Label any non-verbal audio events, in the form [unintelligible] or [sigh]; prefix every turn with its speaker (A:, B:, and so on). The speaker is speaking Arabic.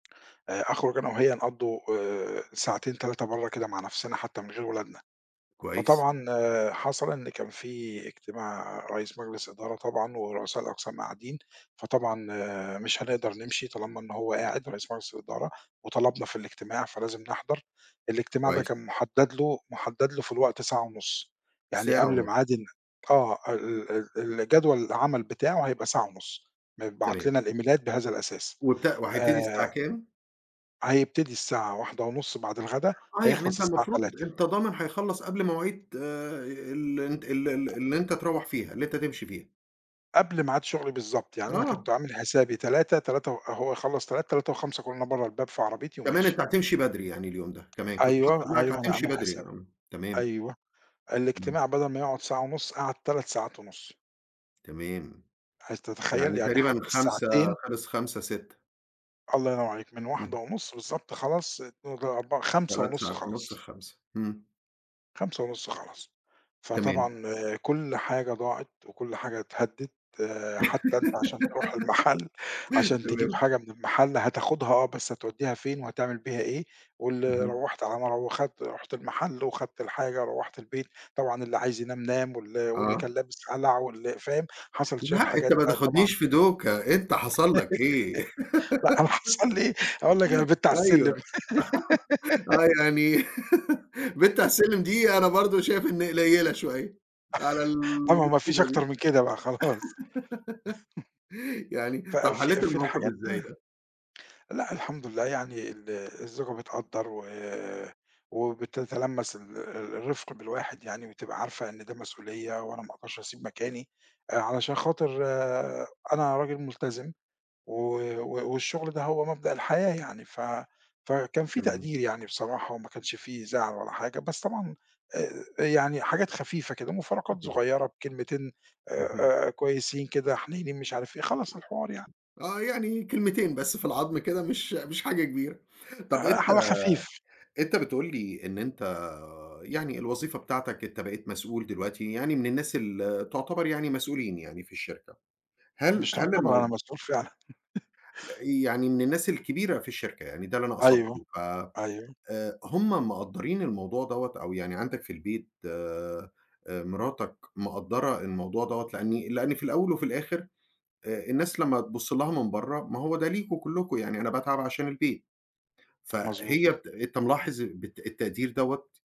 A: آآ أخرج أنا وهي نقضوا آآ ساعتين، 3، برّا كده مع نَفْسنا حتى من غير ولادنا،
B: كويس.
A: فطبعًا حصل إن كان في إجتماع رئيس مجلس إدارة طبعًا ورؤساء الأقسام قاعدين، فطبعًا مش هنقدر نمشي طالما إن هو قاعد رئيس مجلس الإدارة وطلبنا في الاجتماع، فلازم نحضر، الاجتماع ده
B: كويس.
A: كان مُحدد له مُحدد له في الوقت ساعة ونُص، يعني
B: ساعة
A: قبل
B: ونُص!
A: ميعاد ال آه، ال ال الجدول العمل بتاعه هيبقى ساعة ونُص، متبعت
B: تمام.
A: لنا الإيميلات بهذا الأساس،
B: وت وهيبتدي الساعة
A: آآ
B: كام؟
A: هيبتدي الساعة 13:30 بعد الغدا،
B: آه، يعني
A: هيخلص
B: أنت
A: الساعة
B: المفروض
A: 15:00.
B: أنت ضامن هيخلّص قبل مواعيد ال أنت ال ال اللي أنت تروّح فيها، اللي أنت تمشي فيها.
A: قبل ميعاد شغلي بالضبط، يعني أنا كنت
B: آه.
A: عامل حسابي 15:00، تلاتة و هو يخلّص 15:00، 15:05 اكون أنا برّا الباب في عربيتي
B: كمان أنت
A: وماشي.
B: هتمشي بدري يعني اليوم ده، كمان، كنت حاطط في
A: أيوه،
B: دماغك
A: أيوه أنا
B: هتمشي
A: عامل
B: بدري ي
A: حسابها.
B: امم، تمام.
A: أيوه،
B: إمم.
A: الاجتماع بدل ما يقعُد ساعة ونُص، قعد 3 ساعات ونُص.
B: تمام،
A: هل تتخيل؟
B: يعني
A: يعني
B: تقريبًا
A: حتى
B: 17:00
A: الساعتين
B: خِلص، 17:00، 18:00.
A: الله ينور عليك، من واحدة
B: إمم.
A: ونُص بالضبط خلاص، [unintelligible] أربعة خمسة
B: 3
A: ونُص
B: ساعات ونُص
A: خَلص.
B: ل17:00، امم.
A: 17:30 خَلص،
B: تمام.
A: فطبعًا كُلّ حاجة ضاعت وكُلّ حاجة اتهدت، حتى أنت عشان تروح
B: [giggles]
A: المحل، عشان تجيب
B: تمام.
A: حاجة من المحل هتاخدها آه، بس هتوديها فين وهتعمل بيها إيه، وال
B: اهم.
A: روّحت على ما رو وخدْت رُحت المحل وخدْت الحاجة، روّحت البيت، طبعًا اللي عايز ينام نام، وال واللي
B: آه.
A: كان لابس قلع واللي فاهم، حصل شوية
B: لأ، أنت
A: حاجات
B: ما
A: بقى طبعًا
B: تاخدنيش في دوكة، أنت حصل لك إيه؟
A: [laughs] لأ، أنا حصل
B: [laughs]
A: لي هاقول لك أنا بِت على
B: أيوه،
A: السلم.
B: [laughs] آه،
A: [laughs]
B: يعني [laughs] بِت على
A: [coughs]
B: السلم دي، أنا برضو شايف إن قليلة شوية على
A: [laughs] آه، ما هو ما فيش
B: المصيبة
A: أكتر
B: دي،
A: من كده بقى خلاص،
B: [laughs]
A: [chuckles]
B: يعني
A: ف
B: طَب
A: في
B: حلّيت
A: في
B: الموقف
A: الحاجات
B: إزاي
A: ده
B: ده؟
A: لأ الحمد لله يعني ال الزوجة بتقدّر و وبتتلمّس ال ال الرفق بالواحد يعني، بتبقى عارفة إن ده مسؤولية وأنا ما اقدرش اسيب مكاني، آآ، علشان خاطر أنا راجل ملتزم، و و والشغل ده هو مبدأ الحياة يعني، ف فكان في
B: تمام.
A: تقدير يعني بصراحة، وما كانش في زعل ولا حاجة، بس طبعًا آآ آآ، يعني حاجات خفيفة كده، مُفارقات
B: اهم.
A: صغيّرة بكلمتين
B: اهم.
A: آآ، آآ، كويسين كده، حنيّنين مش عارف إيه، خلاص الحوار يعني.
B: آه، يعني من كلمتين بس في العضم كده، مش مش حاجة كبيرة، طَب
A: آآ،
B: أنت
A: على خفيف.
B: أنت بتقول لي إن أنت يعني الوظيفة بتاعتك أنت بقيت مسؤول دلوقتي يعني من الناس اللي تُعتبر يعني مسؤولين يعني في الشركة، هل
A: مش
B: هل
A: تُعتبر، أنا
B: الموضوع
A: مسؤول فعلًا. [laughs]
B: ل يعني من الناس الكبيرة في الشركة يعني، ده اللي أنا
A: أيوه،
B: قصدته، ف
A: أيوه.
B: آآ، هُم مقدّرين الموضوع دَوّة أو يعني عندك في البيت آآ، مراتك مقدّرة الموضوع دَوّة؟ لإن لإن في الأول وفي الآخر آآ، الناس لمّا تبُصّ لها من برّا، ما هو ده ليكم كلكم يعني أنا باتعب عشان البيت، فهي
A: مضبوط.
B: ت أنت ملاحظ بت التقدير دَوّة؟